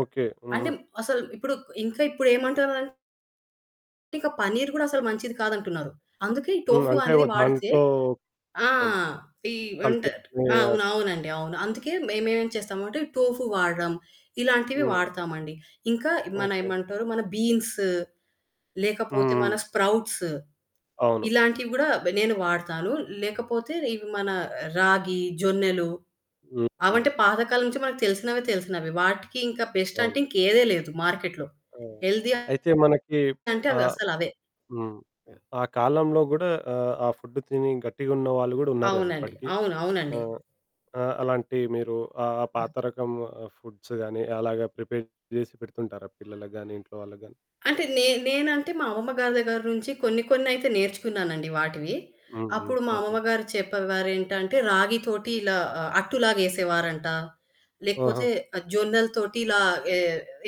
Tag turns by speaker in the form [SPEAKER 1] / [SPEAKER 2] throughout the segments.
[SPEAKER 1] Okay.
[SPEAKER 2] అంటే,
[SPEAKER 1] హుహు.
[SPEAKER 2] అసలు ఇప్పుడు ఇంకా ఇప్పుడేమంటారంటే పన్నీర్ కూడా అసలు మంచిది కాదంటున్నారు. అందుకే ఈ
[SPEAKER 1] హ్మ్.
[SPEAKER 2] టోఫు
[SPEAKER 1] అంటే
[SPEAKER 2] అనేది
[SPEAKER 1] ఒక
[SPEAKER 2] వాడితే
[SPEAKER 1] దాంట్లో
[SPEAKER 2] ఆ!
[SPEAKER 1] అవును.
[SPEAKER 2] ఈ
[SPEAKER 1] కల్తీ
[SPEAKER 2] అంటే
[SPEAKER 1] చేయ
[SPEAKER 2] అవును. అవునండవును. అందుకే మేమేం చేస్తాము అంటే టోఫు వాడడం, ఇలాంటివి
[SPEAKER 1] హ్మ్.
[SPEAKER 2] వాడతామండి. ఇంకా మన
[SPEAKER 1] ఓకె.
[SPEAKER 2] ఏమంటారు, మన బీన్స్
[SPEAKER 1] హ్మ్.
[SPEAKER 2] లేకపోతే మన
[SPEAKER 1] హ్మ్.
[SPEAKER 2] స్ప్రౌట్స్.
[SPEAKER 1] అవును.
[SPEAKER 2] ఇలాంటివి గూడా బ నేను వాడతాను లేకపోతే ఇవి మన రాగి, జొన్నలు,
[SPEAKER 1] హ్మ్. హ్మ్.
[SPEAKER 2] అవంటే పాత కాలం నుంచి మనకు తెలిసినవి తెలిసినవి. వాటికింకా బెస్ట్ అంటే
[SPEAKER 1] అవును.
[SPEAKER 2] ఇంకేదే లేదు మార్కెట్‌లో.
[SPEAKER 1] ఆ!
[SPEAKER 2] హెల్తీ
[SPEAKER 1] అయితే మనకి
[SPEAKER 2] అంటే
[SPEAKER 1] ఆహ్,
[SPEAKER 2] అవసలవే.
[SPEAKER 1] హ్మ్.
[SPEAKER 2] హ్మ్.
[SPEAKER 1] ఆ కాలంలో గూడా ఆహ్, ఆ ఫుడ్డు తిని గట్టిగా ఉన్న వాళ్ళు గూడా ఉన్నారు గదా!
[SPEAKER 2] అవునండి.
[SPEAKER 1] ఇప్పటికి.
[SPEAKER 2] అవును. అవునండి.
[SPEAKER 1] ఆహ్, అ అలాంటి మీరు ఆహ్, ఆ పాత
[SPEAKER 2] ఆ!
[SPEAKER 1] రకం ఫుడ్స్ గాని అలాగా ప్రిపేర్ జేసి పెడుతుంటారా పిల్లలకి గాని, ఇంట్లో వాళ్ళకి గాని?
[SPEAKER 2] అంటే నేన్ నేనంటే మా అమ్మమ్మ గారి దగ్గర నుంచి కొన్ని కొన్నయితే నేర్చుకున్నానండి వాటివి.
[SPEAKER 1] హ్మ్. హ్మ్.
[SPEAKER 2] అప్పుడు మా
[SPEAKER 1] ఓకె.
[SPEAKER 2] అమ్మమ్మ గారు చెప్పేవారేంటంటే రాగి తోటి ఇలా అట్టులాగా వేసేవారంట,
[SPEAKER 1] ఆహా!
[SPEAKER 2] లేకపోతే జొన్నల తోటి ఇలా ఏ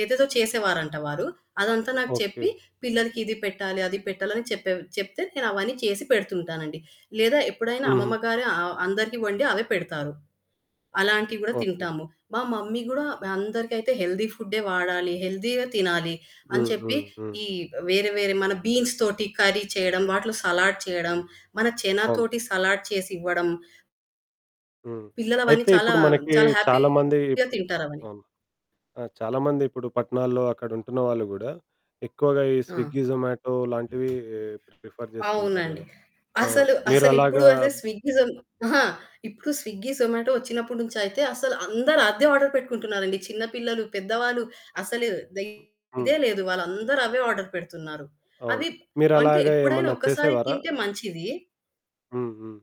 [SPEAKER 2] ఏదేదో చేసేవారంట వారు. అదంతా నాకు
[SPEAKER 1] ఓకె.
[SPEAKER 2] చెప్పి, పిల్లలకి ఇది పెట్టాలి, అది పెట్టాలి అని చెప్పే చెప్తే, నేనవన్నీ చేసి పెడుతుంటానండి. లేదా ఎప్పుడైనా అమ్మమ్మ
[SPEAKER 1] హుహు.
[SPEAKER 2] గారే అ అందరికీ వండి అవే పెడతారు. అలాంటివి కూడా
[SPEAKER 1] ఓకె.
[SPEAKER 2] తింటాము, మా మమ్మీ గూడా అందరికైతే హెల్తీ ఫుడే వాడాలి, హెల్తీయే తినాలి. అని
[SPEAKER 1] హ్మ్.
[SPEAKER 2] చెప్పి
[SPEAKER 1] హ్మ్. హ్మ్.
[SPEAKER 2] ఈ వేరే వేరే మన బీన్స్ తోటి కర్రీ చేయడం. వాటిలో సలాడ్ చేయడం, మన
[SPEAKER 1] అవును.
[SPEAKER 2] శనాతోటి సలాడ్ చేసివ్వడం
[SPEAKER 1] హ్మ్.
[SPEAKER 2] పిల్లలవన్నీ
[SPEAKER 1] అయితే
[SPEAKER 2] చాలా,
[SPEAKER 1] ఇప్పుడు మనకి
[SPEAKER 2] చాలా
[SPEAKER 1] చాలామంది
[SPEAKER 2] హ్యాపీగా
[SPEAKER 1] ఇపుడు
[SPEAKER 2] తింటారవని.
[SPEAKER 1] అవును. ఆ! చాలామందిపుడు పట్టణాల్లో అక్కడ ఉంటున్న వాళ్ళు గూడా, ఎక్కువగా ఈ
[SPEAKER 2] ఆ!
[SPEAKER 1] స్విగ్గీ, జొమాటో లాంటివి ప్రిఫర్ చేస్తూ ఉంటారు
[SPEAKER 2] అవునండి.
[SPEAKER 1] గదా! ఆ!
[SPEAKER 2] అసలు, అసలిప్పుడు
[SPEAKER 1] మీరలాగా
[SPEAKER 2] స్విగ్గీ జో అహా! ఇప్పుడు స్విగ్గీ, జొమాటో వచ్చినప్పటి నుంచయితే, అసలు అందరూ అదే ఆర్డర్ పెట్టుకుంటున్నారండి. చిన్న పిల్లలు, పెద్దవాళ్ళు అసలు
[SPEAKER 1] హ్మ్.
[SPEAKER 2] ఇదే
[SPEAKER 1] హ్మ్.
[SPEAKER 2] లేదు. వాళ్ళందరూ అవే ఆర్డర్ పెడుతున్నారు.
[SPEAKER 1] అవును.
[SPEAKER 2] అవి అంటే
[SPEAKER 1] మీరలాగా
[SPEAKER 2] ఎప్పుడైనా
[SPEAKER 1] ఏమన్నా
[SPEAKER 2] ఒక్కసారి
[SPEAKER 1] చేసేవారా?
[SPEAKER 2] తింటే
[SPEAKER 1] ఆ!
[SPEAKER 2] మంచిది.
[SPEAKER 1] హ్మ్. హ్మ్.